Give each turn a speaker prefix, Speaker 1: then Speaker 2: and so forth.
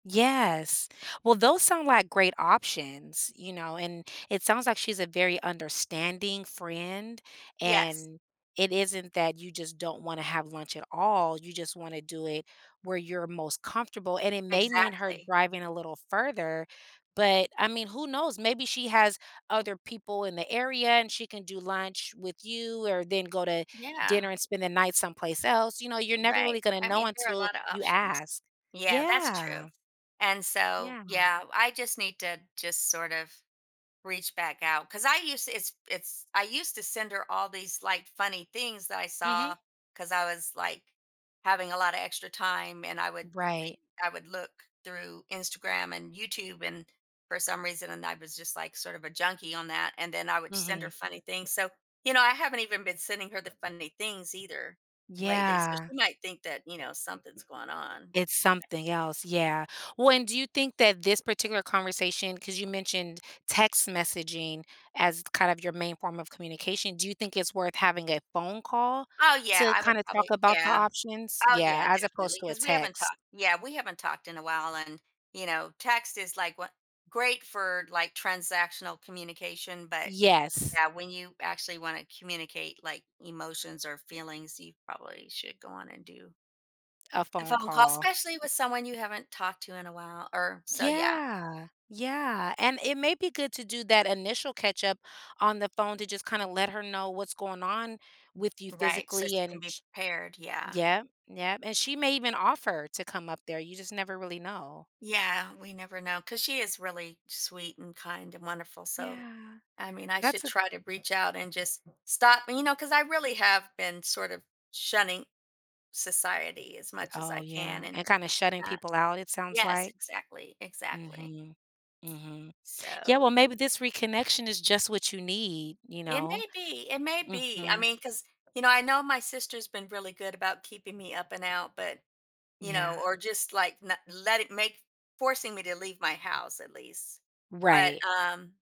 Speaker 1: Yes, well, those sound like great options, you know, and it sounds like she's a very understanding friend,
Speaker 2: Yes.
Speaker 1: and it isn't that you just don't wanna have lunch at all, you just wanna do it where you're most comfortable, and it may mean her
Speaker 2: Exactly.
Speaker 1: driving a little further, but I mean, who knows? Maybe she has other people in the area and she can do lunch with you, or then go to
Speaker 2: Yeah.
Speaker 1: dinner and spend the night someplace else, you know, you're never
Speaker 2: Right.
Speaker 1: really gonna
Speaker 2: I
Speaker 1: know
Speaker 2: mean, there are a
Speaker 1: until
Speaker 2: lotta
Speaker 1: you
Speaker 2: options.
Speaker 1: ask.
Speaker 2: Yeah, that's true,
Speaker 1: Yeah.
Speaker 2: and so
Speaker 1: Yeah.
Speaker 2: yeah I just need to just sort of reach back out, 'cause I used to it's it's I used to send her all these, like, funny things that I saw,
Speaker 1: Mhm.
Speaker 2: 'cause I was, like, having a lotta extra time, and I would think
Speaker 1: Right.
Speaker 2: I would look through Instagram and YouTube, and for some reason and I was just, like, sort of a junkie on that, and then I would send
Speaker 1: Mhm.
Speaker 2: her funny things, so, you know, I haven't even been sending her the funny things either lately, so
Speaker 1: Yeah.
Speaker 2: she might think that, you know, something's going on.
Speaker 1: It's something else, yeah, well and do you think that this particular conversation 'cause you mentioned text messaging as kind of your main form of communication, do you think it's worth having a phone call
Speaker 2: Oh yeah,
Speaker 1: to
Speaker 2: I would
Speaker 1: kinda talk
Speaker 2: probably
Speaker 1: about the
Speaker 2: yeah,
Speaker 1: options?
Speaker 2: oh
Speaker 1: Yeah,
Speaker 2: yeah,
Speaker 1: as opposed
Speaker 2: definitely,
Speaker 1: to a
Speaker 2: 'cause we haven't
Speaker 1: text.
Speaker 2: talked yeah we haven't talked in a while and, you know, text is, like, wha great for, like, transactional communication, but,
Speaker 1: Yes.
Speaker 2: yeah, when you actually wanna communicate, like, emotions or feelings, you probably should go on and do
Speaker 1: A
Speaker 2: a
Speaker 1: phone
Speaker 2: phone call,
Speaker 1: call.
Speaker 2: especially with someone you haven't talked to in a while, or so, yeah.
Speaker 1: Yeah. Yeah, and it may be good to do that initial catch-up on the phone, to just kinda let her know what's going on with you
Speaker 2: Right, so she
Speaker 1: physically
Speaker 2: can
Speaker 1: and
Speaker 2: be
Speaker 1: ch
Speaker 2: prepared. Yeah.
Speaker 1: yep, yep, and she may even offer to come up there, you just never really know.
Speaker 2: Yeah, we never know 'cause she is really sweet, and kind, and wonderful, so
Speaker 1: Yeah,
Speaker 2: I mean, I
Speaker 1: that's
Speaker 2: should
Speaker 1: a
Speaker 2: try to reach out and just stop you know, 'cause I really have been sort of shunning society as much as
Speaker 1: Oh,
Speaker 2: I can,
Speaker 1: yeah,
Speaker 2: and
Speaker 1: and kinda shutting
Speaker 2: uh,
Speaker 1: people out, it sounds
Speaker 2: yes,
Speaker 1: like.
Speaker 2: exactly. Exactly.
Speaker 1: Mhm. Mhm. Yeah, well,
Speaker 2: So
Speaker 1: maybe this reconnection is just what you need, you
Speaker 2: It
Speaker 1: know?
Speaker 2: may be, it may be, I
Speaker 1: Mhm.
Speaker 2: mean, 'cause you know, I know my sister's been really good about keeping me up and out, but, you know,
Speaker 1: Yeah.
Speaker 2: or just, like, na letti maki forcing me to leave my house, at least, but,
Speaker 1: Right.
Speaker 2: um